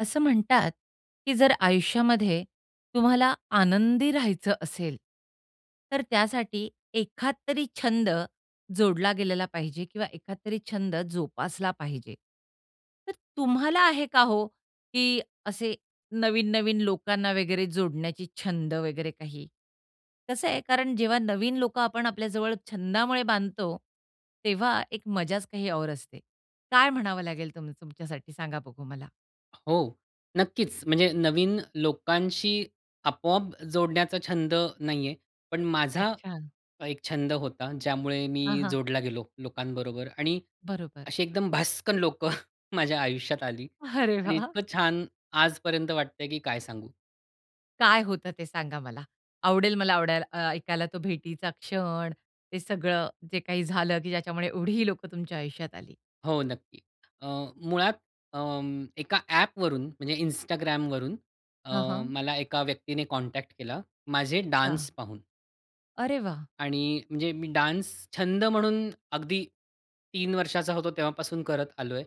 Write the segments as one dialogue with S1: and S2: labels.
S1: असं म्हणतात, की जर आयुष्यामध्ये तुम्हाला आनंदी राहायचं असेल, तर त्यासाठी एखादतरी छंद जोडला गेलेला पाहिजे किंवा एखादतरी छंद जोपासला पाहिजे. तर तुम्हाला आहे का हो, की असे नवीन-नवीन लोकांना वगैरे जोडण्याची छंद वगैरे काही? कसं आहे कारण जेव्हा नवीन लोक आपण आपल्या जवळ छंदामुळे बांधतो, तेव्हा एक मजाच काही और असते. काय म्हणावं लागेल तुम तुमच्यासाठी सांगा बघू मला?
S2: हो, नक्कीच. म्हणजे नवीन लोकांशी आपोआप जोडण्याचा छंद नाही आहे, पण माझा
S1: अच्छा.
S2: एक छंद होता. ज्यामुळे
S1: हां,
S2: मी
S1: हां.
S2: जोडला गेलो लोकांबरोबर आणि
S1: बरोबर.
S2: अशी एकदम भसकन लोकं माझ्या आयुष्यात आली
S1: अरे
S2: आणि
S1: वाह!
S2: इतकं छान आजपर्यंत वाटतंय की काय सांगू.
S1: काय होतं ते सांगा मला. आवडेल मला आवडायला अ, ऐकायला तो भेटीचा क्षण, ते सगळं जे काही झालं की ज्याच्यामुळे एवढी लोकं तुमच्या आयुष्यात आली?
S2: हो, नक्की. अ, मुळात अं, एका ॲपवरून म्हणजे Instagramवरून अ,
S1: हां, हां.
S2: मला एका व्यक्तीने कॉन्टॅक्ट केला माझे
S1: अच्छा.
S2: डान्स पाहून.
S1: अरे वाह!
S2: आणि म्हणजे मी डान्स छंद म्हणून अगदी 3 वर्षाचा होतो, तेव्हापासून करत आलो आहे.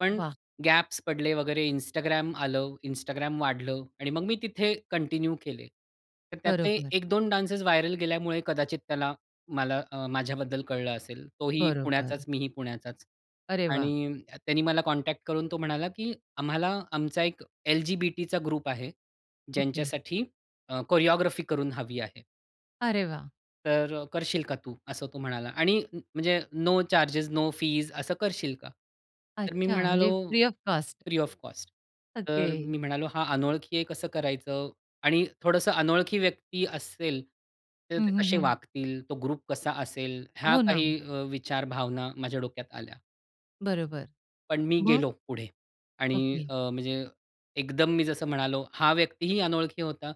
S2: पण
S1: वाह!
S2: गॅप्स पडले वगैरे Instagram आलं, Instagram वाढलं आणि मग मी तिथे कंटिन्यू केले. तर त्यातले
S1: बरोबर.
S2: 1-2 डान्सेस व्हायरल गेल्यामुळे कदाचित त्याला मला अ, माझ्याबद्दल कळलं असेल. तो ही
S1: बरोबर.
S2: पुण्याचाच मी ही पुण्याचाच
S1: अरे वाह!
S2: आणि त्यांनी मला कॉन्टॅक्ट करून तो म्हणाला, की "आम्हाला, आमचा एक एल-जी-बी-टीचा ग्रुप आहे.
S1: ओके.
S2: ज्यांच्यासाठी अ, कोरिओग्राफी करून हवी आहे.
S1: अरे वाह!
S2: तर अ, करशील का तू असं, तो म्हणाला आणि म्हणजे नो चार्जेस, नो फीस असं करशील का? तर मी
S1: अच्छा,
S2: म्हणालो
S1: म्हणजे free of cost.
S2: Free of cost, तर
S1: ओके.
S2: मी म्हणालो, हा अनोळखी आहे, कसं करायचं? आणि थोडंसं अनोळखी व्यक्ती असेल, तर
S1: हं,
S2: ते
S1: हं,
S2: कसे
S1: हं.
S2: वागतील? तो ग्रुप कसा असेल? ह्या
S1: हो, ना.
S2: काही अ, विचार, भावना माझ्या डोक्यात आल्या.
S1: बरोबर,
S2: पण मी
S1: मग?
S2: गेलो पुढे आणि
S1: ओके.
S2: अ, म्हणजे एकदम मी जसं म्हणालो, हा व्यक्तीही अनोळखी होता.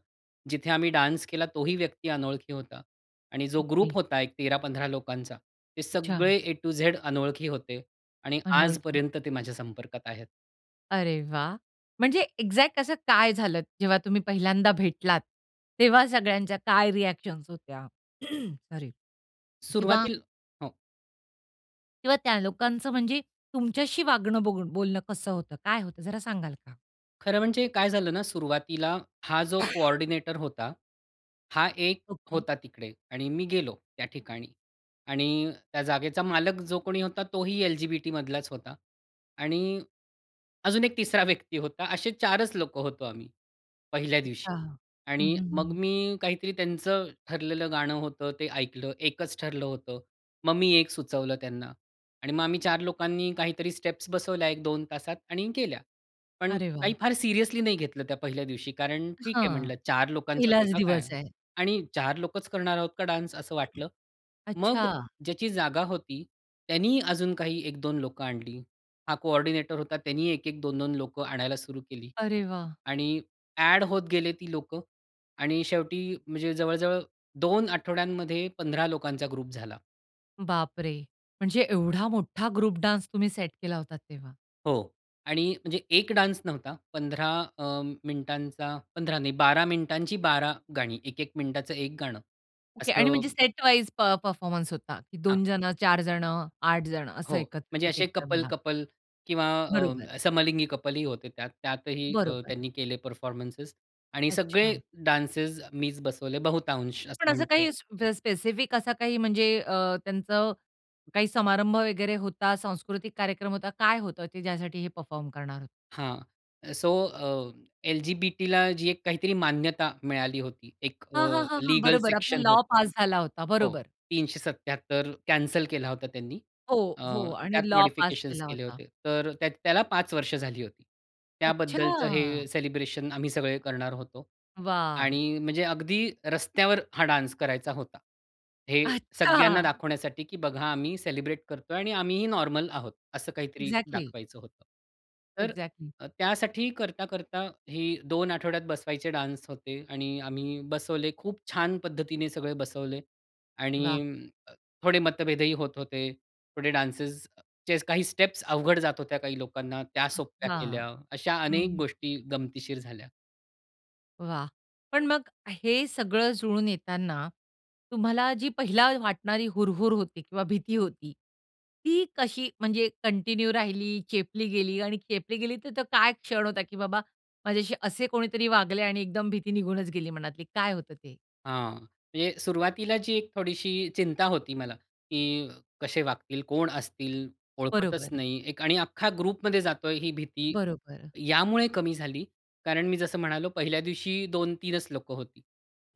S2: जिथे आम्ही डान्स केला, तोही व्यक्ती अनोळखी होता आणि जो ग्रुप
S1: ओके.
S2: होता एक 13-15 लोकांचा, ते सगळे
S1: अच्छा.
S2: ए टु झेड अनोळखी होते आणि
S1: अनोळखी.
S2: आजपर्यंत ते माझ्या संपर्कात आहेत.
S1: अरे वाह! म्हणजे एक्झॅक्ट असं काय झालं, जेव्हा तुम्ही पहिल्यांदा भेटलात, तेव्हा सगळ्यांच्या काय रिअ‍ॅक्शन्स होत्या, सॉरी किंवा
S2: सुरुवातीला हो.
S1: किंवा त्या लोकांचं म्हणजे तुमच्याशी वागणं, बघून बोलणं कसं होतं, काय होतं, जरा सांगाल का?
S2: खरं म्हणजे काय झालं ना, सुरुवातीला हा जो कोऑर्डिनेटर होता, हा एक
S1: ओके.
S2: होता तिकडे. आणि मी गेलो त्या ठिकाणी. आणि त्या जागेचा मालक, जो कोणी होता, तोही LGBT मधलाच होता आणि अजून एक तिसरा व्यक्ती होता. असे 4च लोकं होतो आम्ही पहिल्या दिवशी.
S1: अच्छा. हं,
S2: आणि
S1: हं,
S2: मग
S1: हं.
S2: मी काहीतरी त्यांचं ठरलेलं गाणं होतं, ते ऐकलं. एकच ठरलं होतं. मग मी एक सुचवलं त्यांना आणि मग आम्ही 4 लोकांनी काहीतरी स्टेप्स बसवल्या 1-2 तासात आणि केल्या. पण
S1: अरे
S2: काही
S1: वाह!
S2: फार सीरियसली नाही घेतलं त्या पहिल्या दिवशी कारण ठीक आहे
S1: हां,
S2: म्हटलं, 4 लोकांचाच आहे
S1: पहिलाच
S2: का काय
S1: दिवस आहे.
S2: आणि 4 लोकच करणार आहोत का डान्स, असं वाटलं. मग
S1: अच्छा.
S2: ज्याची जागा होती, त्यांनी अजून काही 1-2 लोकं आणली. हा कोऑर्डिनेटर होता. त्यांनी 1-1 2-2 लोकं आणायला सुरू केली.
S1: अरे वाह!
S2: आणि ॲड होत गेले ती लोकं आणि शेवटी म्हणजे जवळ जवळ 2 आठवड्यांमध्ये 15 लोकांचा ग्रुप झाला.
S1: बापरे! म्हणजे एवढा मोठा ग्रुप डान्स तुम्ही सेट केला होतात तेव्हा.
S2: हो. आणि म्हणजे एक डान्स नव्हता. 15 अ, मिनिटांचा 15 नाही, 12 मिनिटांची 12 गाणी. 1-1 मिनिटाचं एक गाणं
S1: ओके. आणि म्हणजे
S2: असं
S1: सेटवाईज प परफॉर्मन्स होता.
S2: हां.
S1: 2 जणं, 4 जणं, 8 जणं असं
S2: हो,
S1: एकत्र
S2: म्हणजे
S1: एक-एक
S2: असे
S1: जण. हां.
S2: कपल-कपल किंवा
S1: बरोबर.
S2: अ, समलिंगी कपलही होते त्यात. त्यातही अ,
S1: बरोबर.
S2: त्यांनी केले परफॉर्मन्सेस आणि सगळे
S1: अच्छा.
S2: डान्सेस मीच बसवले बहुतांश
S1: पण
S2: असं
S1: असं
S2: म्हणता
S1: काही
S2: येईल.
S1: स्प स्पेसिफिक असा काही म्हणजे अ, त्यांचा काही समारंभ वगैरे होता, सांस्कृतिक कार्यक्रम होता, काय होतं, की ज्यासाठी हे परफॉर्म करणार होते?
S2: हां. सो अ, एल-जी-बी-टीला जी एक काहीतरी मान्यता मिळाली होती. एक
S1: हां, हां,
S2: अ,
S1: हां, हां,
S2: लीगल
S1: बरोबर, आपला
S2: सेक्शन
S1: लॉ
S2: होतं.
S1: पास झाला होता.
S2: हो,
S1: बरोबर.
S2: 377 कॅन्सल केला होता त्यांनी.
S1: हो.
S2: अ,
S1: हो. आणि
S2: त्यात
S1: लॉ पास
S2: मॉडिफिकेशन्स
S1: झाला
S2: केले
S1: होता.
S2: होते. तर त्या त्याला 5 वर्ष झाली होती. त्याबद्दलचं
S1: अच्छा!
S2: हे सेलिब्रेशन आम्ही सगळे करणार होतो
S1: वाह!
S2: आणि म्हणजे अगदी रस्त्यावर हा डान्स करायचा होता. हे सगळ्यांना
S1: अच्छा!
S2: दाखवण्यासाठी, की बघा, आम्ही सेलिब्रेट करतोय आणि आम्हीही नॉर्मल आहोत. असं काहीतरी
S1: एक्झॅक्टली!
S2: दाखवायचं होतं. तर
S1: एक्झॅक्टली.
S2: अ, त्यासाठी करता-करता हे 2 आठवड्यात बसवायचे डान्स होते आणि आम्ही बसवले. खूप छान पद्धतीने सगळे बसवले आणि
S1: वाह!
S2: अं, थोडे मतभेदही होत होते. थोडे डान्सेसचे काही स्टेप्स अवघड जात होत्या काही लोकांना, त्या सोप्या
S1: हां.
S2: केल्या. अशा
S1: हं.
S2: अनेक
S1: हं.
S2: गोष्टी गमतीशीर झाल्या.
S1: वाह! पण मग हे सगळं जुळून येताना तुम्हाला जी पहिले वाटणारी हुरहूर होती किंवा भीती होती, ती कशी म्हणजे कंटिन्यू राहिली, चेपली गेली आणि चेपली गेली, तर तो काय क्षण होता की बाबा माझ्याशी असे कोणीतरी वागले आणि एकदम भीती निघूनच गेली मनातली काय होतं ते?
S2: हां. म्हणजे सुरुवातीला जी एक थोडीशी चिंता होती मला, की कसे वागतील? कोण असतील? ओळखतच
S1: बरोबर.
S2: नाही. आणि अख्खा ग्रुपमध्ये जातोय ही भीती,
S1: बरोबर.
S2: यामुळे कमी झाली कारण मी जसं म्हणालो पहिल्या दिवशी 2-3च लोकं होती.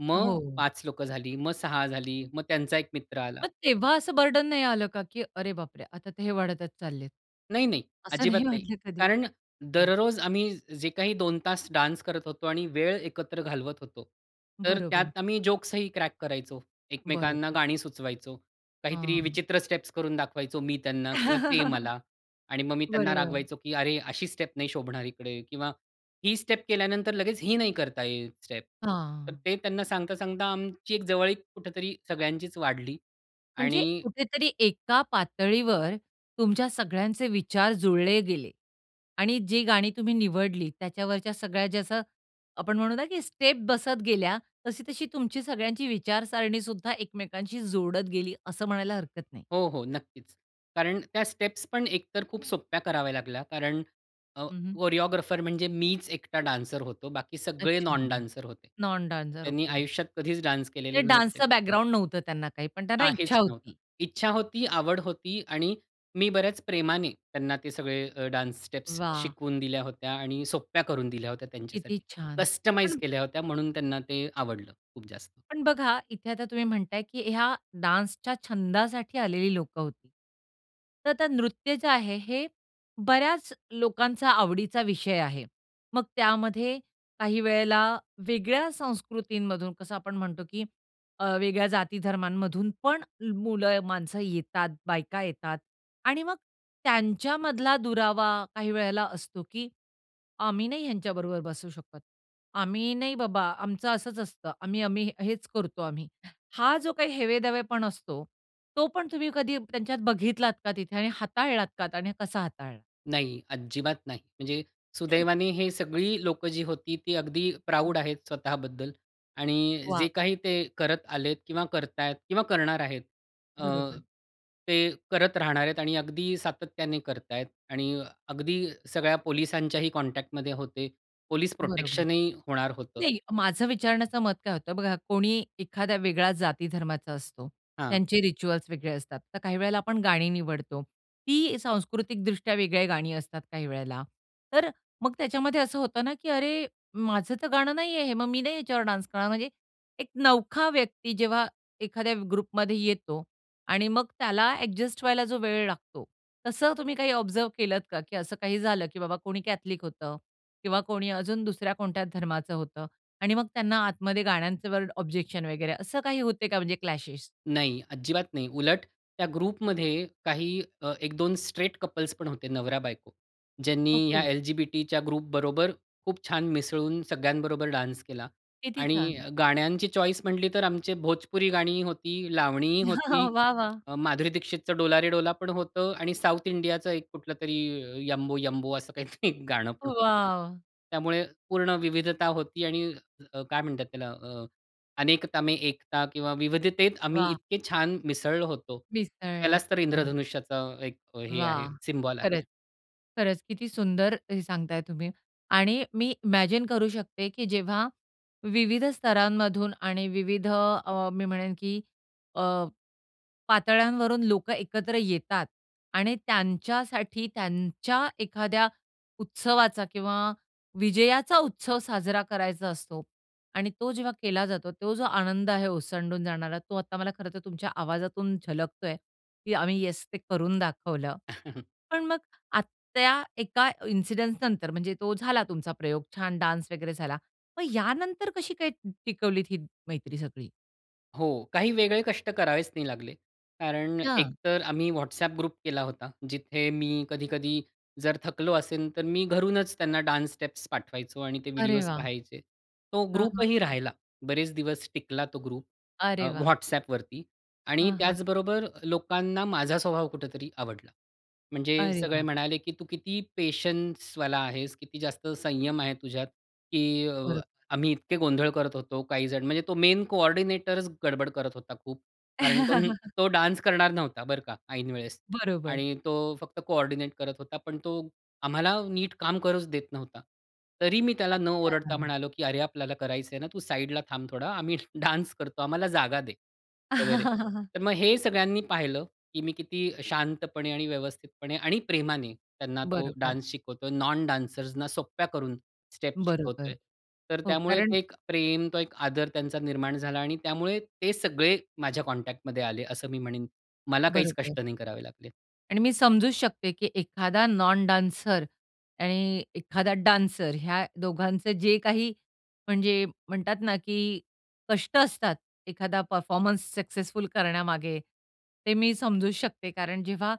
S2: मग
S1: हो.
S2: 5 लोकं झाली, मग 6 झाली, मग त्यांचा 1 मित्र आला.
S1: मग तेव्हा असं बर्डन नाही आलं का, की "अरे बापरे! आता ते हे वाढतच चाललेत."
S2: नाही, नाही.
S1: असं
S2: अजिबात
S1: नाही
S2: नाही.
S1: वाटलं कधी?
S2: कारण
S1: ओके.
S2: दररोज आम्ही जे काही 2 तास डान्स करत होतो, आणि वेळ एकत्र घालवत होतो. तर
S1: बरोबर.
S2: त्यात आम्ही जोक्स ही क्रॅक करायचो. एकमेकांना
S1: बरोबर.
S2: गाणी सुचवायचो. काहीतरी
S1: हां.
S2: विचित्र स्टेप्स करून दाखवायचो मी त्यांना किंवा ते मला आणि मग मी त्यांना
S1: बरोबर.
S2: रागवायचो की "अरे, अशी स्टेप नाही शोभणार इकडे" किंवा "ही स्टेप केल्यानंतर लगेच ही नाही करता येईल स्टेप." तर
S1: हां.
S2: ते त्यांना सांगता-सांगता आमची एक जवळीक कुठेतरी सगळ्यांचीच वाढली.
S1: म्हणजे
S2: आणि
S1: कुठेतरी एका पातळीवर तुमच्या सगळ्यांचे विचार जुळले गेले. आणि जी गाणी तुम्ही निवडली त्याच्यावरच्या सगळ्या जसं आपण म्हणू की स्टेप बसत गेल्या. तशी-तशी तुमची सगळ्यांची विचारसारणीसुद्धा एकमेकांशी जोडत गेली. असं म्हणायला हरकत नाही.
S2: हो, हो, नक्कीच. कारण त्या स्टेप्स पण एक तर खूप सोप्या कराव्या लागल्या. कारण अ,
S1: हं, हं.
S2: कोरिओग्राफर म्हणजे मीच एकटा डान्सर होतो. बाकी सगळे
S1: अच्छा.
S2: नॉन डान्सर होते.
S1: Non dancer.
S2: त्यांनी
S1: ओके.
S2: आयुष्यात कधीच डान्स केलेले
S1: ते
S2: नव्हते.
S1: डान्सचं बॅकग्राउंड नव्हतं त्यांना काही. पण त्यांना इच्छा
S2: काहीच नव्हतं.
S1: होती.
S2: इच्छा होती, आवड होती आणि मी बऱ्याच प्रेमाने त्यांना ते सगळे अ, डान्स स्टेप्स
S1: वाह!
S2: शिकवून दिल्या होत्या. आणि सोप्या करून दिल्या होत्या.
S1: किती
S2: त्यांच्यासाठी
S1: छान!
S2: कस्टमाईज
S1: पण
S2: केल्या होत्या. म्हणून त्यांना ते आवडलं खूप जास्त.
S1: पण बघा इथे आता तुम्ही म्हणताय की ह्या डान्सच्या छंदासाठी आलेली लोकं होती. तर ते नृत्य जे आहे हे बऱ्याच लोकांचा आवडीचा विषय आहे. मग त्यामध्ये काही वेळेला वेगळ्या संस्कृतीमधून कसं आपण म्हणतो की अ, वेगळ्या जाती धर्मांमधून पण मुलं, माणसं येतात, बायका येतात आणि मग त्यांच्यामधला दुरावा काही वेळेला असतो की "आम्ही नाही ह्यांच्याबरोबर बसू शकत, आम्ही नाही बाबा, आमचं असंच असतं, आम्ही आम्ही हेच करतो आम्ही." हा जो काही हेवेदावेपण असतो. तो पण तुम्ही कधी त्यांच्यात बघितलात का तिथे? आणि हाताळलात का? आणि कसा हाताळलात?
S2: नाही. अजिबात नाही. म्हणजे सुदैवाने हे सगळी लोकं जी होती ती अगदी प्राउड आहेत स्वतः बद्दल. आणि
S1: वाह!
S2: जे काही ते करत आलेत किंवा करतायत किंवा करणार आहेत. अ,
S1: बरोबर.
S2: ते करत राहणार आहेत. आणि अगदी सातत्याने करतायेत आणि अगदी सगळ्या पोलिसांच्याही कॉन्टॅक्टमध्ये होते. पोलिस
S1: बरोबर.
S2: प्रोटेक्शनही होणार होतं.
S1: नाही माझं विचारण्याचं मत काय होत बघा, कोणी एखाद्या वेगळ्या जाती धर्माचा असतो,
S2: हां.
S1: त्यांचे रिच्युअल्स वेगळे असतात. तर काही वेळेला आपण गाणी निवडतो. ती सांस्कृतिकदृष्ट्या वेगळ्या गाणी असतात काही वेळेला. तर अ, मग त्याच्यामध्ये असं होतं ना, की अरे, माझं तर गाणं नाहीये हे. मग मी नाही याच्यावर डान्स करणार. म्हणजे एक नवखा व्यक्ती जेव्हा एखाद्या ग्रुपमध्ये येतो आणि मग त्याला अ‍ॅडजस्ट व्हायला जो वेळ लागतो, तसं तुम्ही काही ऑब्झर्व्ह केलत का की असं काही झालं की बाबा कोणी कॅथलिक होतं किंवा कोणी अजून दुसऱ्या कोणत्या धर्माचं होतं आणि मग त्यांना आतमध्ये गाण्यांचे वर्ड, ऑब्जेक्शन वगैरे असं काही होतंय का म्हणजे क्लॅशेश?
S2: नाही. अजिबात नाही. उलट त्या ग्रुपमध्ये काही अ, 1-2 स्ट्रेट कपल्स पण होते, नवरा-बायको. ज्यांनी या
S1: ओके.
S2: एल-जी-बी-टीच्या ग्रुपबरोबर खूप छान मिसळून सगळ्यांबरोबर डान्स केला.
S1: किती
S2: आणि
S1: छान!
S2: अ, गाण्यांची चॉईस म्हंटली तर आमचे भोजपुरी गाणी होती, लावणी होती,
S1: वाह! वाह!
S2: अ, माधुरी दीक्षितच डोला रे डोला पण होतं. आणि साउथ इंडियाच एक कुठलं तरी यंबो यंबो असं काहीतरी एक गाणं पण होत.
S1: वाव!
S2: त्यामुळे पूर्ण विविधता होती. आणि अ, काय म्हणतात त्याला अ, अनेकता में एकता किंवा विविधतेत आम्ही
S1: वाह!
S2: इतके छान मिसळलो होतो.
S1: मिसळलात
S2: त्यालाच तर
S1: तुम्ही.
S2: इंद्रधनुष्याचा एक हे आहे
S1: वाह!
S2: सिम्बॉल
S1: खरंच.
S2: आहे.
S1: खरंच, किती सुंदर हे सांगताय तुम्ही. आणि मी इमॅजिन करू शकते की जेव्हा विविध स्तरांमधून आणि विविध अ, मी म्हणेन की अ, पातळ्यांवरून लोकं एकत्र येतात. आणि त्यांच्यासाठी त्यांच्या एखाद्या उत्सवाचा किंवा विजयाचा उत्सव साजरा करायचा असतो. आणि तो जेव्हा केला जातो. तो जो आनंद आहे ओसंडून जाणारा, तो आता मला खरंतर तुमच्या आवाजातून झलकतोय. की आम्ही येस, ते करून दाखवलं. पण मग आ त्या एका इन्सिडन्सनंतर म्हणजे तो झाला तुमचा प्रयोग. छान डान्स वगैरे झाला. मग यानंतर कशी काय टिकवलीत ही मैत्री सगळी?
S2: हो, काही वेगळे कष्ट करावेच नाही लागले. कारण
S1: अच्छा.
S2: एकतर आम्ही WhatsApp ग्रुप केला होता. जिथे मी कधी-कधी जर थकलो असेन, तर मी घरूनच त्यांना डान्स स्टेप्स पाठवायचो आणि ते
S1: अरे
S2: व्हिडिओज
S1: वाह!
S2: पाहायचे. तो
S1: हां, हां,
S2: ग्रुप ही
S1: हां.
S2: राहिला. बरेच दिवस टिकला तो ग्रुप अ,
S1: अरे वाह!
S2: WhatsAppवरती. आणि
S1: हां, हां.
S2: त्याचबरोबर लोकांना माझा स्वभाव कुठेतरी आवडला. म्हणजे
S1: अरे
S2: सगळे
S1: वाह!
S2: म्हणाले की "तू किती पेशन्सवाला आहेस, किती जास्त संयम आहे तुझ्यात, की अ,
S1: बरोबर.
S2: आम्ही इतके गोंधळ करत होतो काहीजण." म्हणजे तो मेन कोऑर्डिनेटरच गडबड करत होता खूप. कारण तो न डान्स करणार नव्हता, बरं का, ऐन वेळेस.
S1: बरोबर.
S2: आणि तो फक्त कोऑर्डिनेट करत होता. पण तो आम्हाला नीट काम करूच देत नव्हता. तरी मी त्याला न ओरडता
S1: अच्छा.
S2: म्हणालो की "अरे, आपल्याला करायचंय ना, तू साइडला थांब थोडा, आम्ही डान्स करतो, आम्हाला जागा दे वगैरे." तर मग हे सगळ्यांनी पाहिलं की मी किती शांतपणे आणि व्यवस्थितपणे आणि प्रेमाने त्यांना तो
S1: बरोबर.
S2: डान्स शिकवतोय. नॉन डान्सर्सना सोप्या करून स्टेप्स
S1: बरोबर.
S2: शिकवतोय. तर
S1: हो,
S2: त्यामुळे
S1: कारण
S2: ते एक प्रेम, तो एक आदर त्यांचा निर्माण झाला आणि त्यामुळे ते सगळे माझ्या कॉन्टॅक्टमध्ये आले असं मी म्हणेन. मला काहीच
S1: बरोबर.
S2: कष्ट नाही करावे लागले.
S1: आणि मी समजू शकते की एखादा नॉन डान्सर आणि एखादा डान्सर, ह्या दोघांचं जे काही म्हणजे म्हणतात ना की कष्ट असतात एखादा परफॉर्मन्स सक्सेसफुल करण्यामागे ते मी समजू शकते. कारण जेव्हा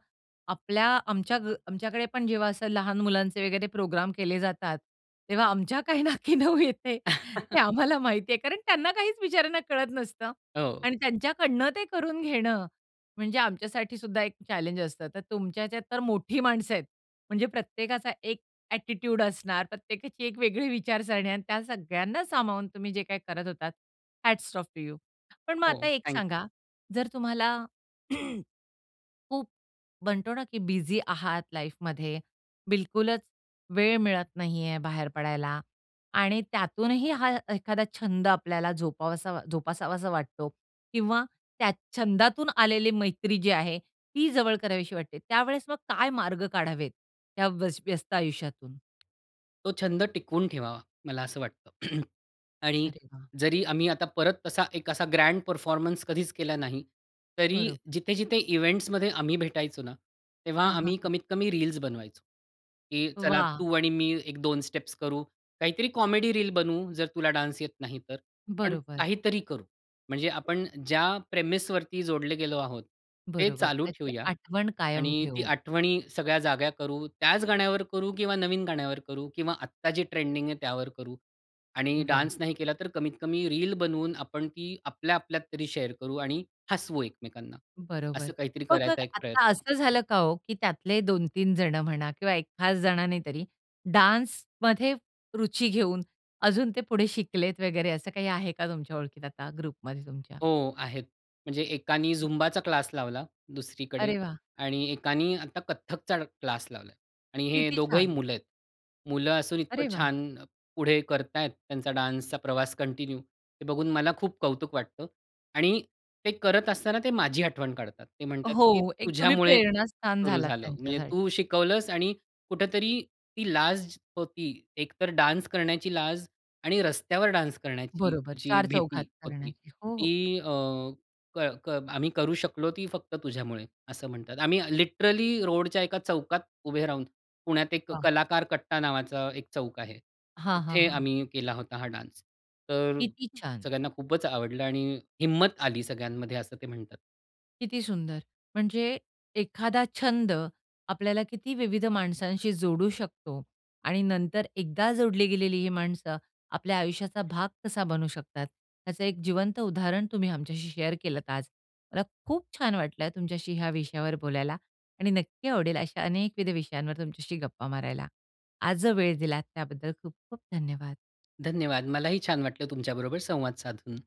S1: आपल्या आमच्या ग आमच्याकडे पण जेव्हा असं लहान मुलांचे वगैरे प्रोग्राम केले जातात तेव्हा आमच्या काय नाकी नऊ येते ते आम्हाला माहिती आहे. कारण त्यांना काहीच बिचाऱ्यांना कळत नसतं.
S2: हो.
S1: आणि त्यांच्याकडनं ते करून घेणं म्हणजे आमच्यासाठी सुद्धा एक चॅलेंज असतं. तर तुमच्या हेच्यात तर मोठी माणसं आहेत. म्हणजे प्रत्येकाचा एक ॲटिट्यूड असणार. प्रत्येकाची एक वेगळी विचारसरणी आणि त्या सगळ्यांना सामावून तुम्ही जे काही करत होतात हॅट्स ऑफ टू यू. पण मग आता
S2: हो.
S1: एक
S2: थँक यू.
S1: सांगा जर तुम्हाला खूप म्हणतो ना की बिझी आहात लाईफमध्ये, बिलकुलच वेळ मिळत नाही आहे बाहेर पडायला आणि त्यातूनही हा एखादा छंद आपल्याला जोपावासा जोपासावासा वाटतो किंवा त्या छंदातून आलेली मैत्री जी आहे, ती जवळ करावीशी वाटते. त्यावेळेस मग काय मार्ग काढावेत त्या वस व्यस्त आयुष्यातून?
S2: तो छंद टिकवून ठेवावा मला असं वाटतं. आणि
S1: अरे वाह!
S2: जरी आम्ही आता परत तसा एक असा ग्रँड परफॉर्मन्स कधीच केला नाही, तरी
S1: बरोबर.
S2: जिथे-जिथे इव्हेंट्समध्ये आम्ही भेटायचो ना, तेव्हा
S1: हां.
S2: आम्ही
S1: हां.
S2: कमीत कमी रील्स बनवायचो. की चला
S1: वाह!
S2: तू आणि मी एक 2 स्टेप्स करू, काहीतरी कॉमेडी रील बनवू, जर तुला डान्स येत नाही तर, पण
S1: बरोबर.
S2: काहीतरी करू. म्हणजे आपण ज्या प्रेमिसवरती जोडले गेलो आहोत ते
S1: बरोबर,
S2: चालू
S1: त्याची
S2: ठेवूया
S1: आठवण कायम
S2: आणि ती
S1: ठेवू.
S2: आठवणी सगळ्या जाग्या करू, त्याच गाण्यावर करू किंवा नवीन गाण्यावर करू किंवा आत्ता जे ट्रेंडिंग आहे त्यावर करू. आणि
S1: वाह!
S2: डान्स नाही केला तर कमीत कमी रील बनवून आपण ती आपल्या आपल्यात तरी शेअर करू आणि हसवू एकमेकांना,
S1: बरोबर.
S2: असं काहीतरी
S1: मग अ,
S2: करायचा एक
S1: आता
S2: प्रयत्न.
S1: असं झालं का हो की त्यातले 2-3 जणं म्हणा किंवा एक खास जणाने तरी डान्समध्ये रुची घेऊन अजून ते पुढे शिकलेत वगैरे, असं काही आहे का तुमच्या ओळखीत आता ग्रुपमध्ये तुमच्या?
S2: हो, आहेत. म्हणजे एकानी झुंबाचा क्लास लावला दुसरीकडे
S1: अरे वाह!
S2: आणि एकानी आता कथकचा क्लास लावला आणि हे
S1: किती
S2: दोघंही
S1: छान.
S2: मुलं आहेत. मुलं असून इतकं
S1: अरे वाह!
S2: छान पुढे करत आहेत, त्यांचा डान्सचा प्रवास कंटिन्यू, हे बघून मला खूप कौतुक वाटतं आणि ते करत असताना ते माझी आठवण काढतात. ते म्हणतात की
S1: हो. एक तुम्ही
S2: "तुझ्यामुळे
S1: प्रेरणास्थान
S2: सुरू
S1: झालात
S2: झालं. म्हणजे
S1: त्यांच्यासाठी.
S2: तू शिकवलंस आणि कुठेतरी ती लाज होती. एकतर डान्स करण्याची लाज आणि रस्त्यावर डान्स करण्याची
S1: बरोबर.
S2: जी
S1: चार
S2: भीती
S1: चौघात
S2: होती.
S1: करण्याची. हो, हो.
S2: ती अ, क क आम्ही करू शकलो ती फक्त तुझ्यामुळे." असं म्हणतात. "आम्ही लिटरली रोडच्या एका चौकात उभे राहून, पुण्यात एक
S1: वाह!
S2: कलाकार कट्टा नावाचा एक चौक आहे,
S1: हां, हां,
S2: तिथे
S1: हां.
S2: आम्ही केला होता हा डान्स. तर
S1: किती छान.
S2: सगळ्यांना खूपच आवडलं आणि हिंमत आली सगळ्यांमध्ये." असं ते म्हणतात.
S1: किती सुंदर. म्हणजे एखादा छंद आपल्याला किती विविध माणसांशी जोडू शकतो आणि नंतर एकदा जोडली गेलेली ही माणसं आपल्या आयुष्याचा भाग कसा बनू शकतात, त्याचं एक जिवंत उदाहरण तुम्ही आमच्याशी शेअर केलत आज. मला खूप छान वाटलं आहे तुमच्याशी ह्या विषयावर बोलायला आणि नक्की आवडेल अशा अनेकविध विषयांवर तुमच्याशी गप्पा मारायला. आज जो वेळ दिलात त्याबद्दल खूप-खूप धन्यवाद.
S2: धन्यवाद. मलाही छान वाटलं तुमच्याबरोबर संवाद साधून.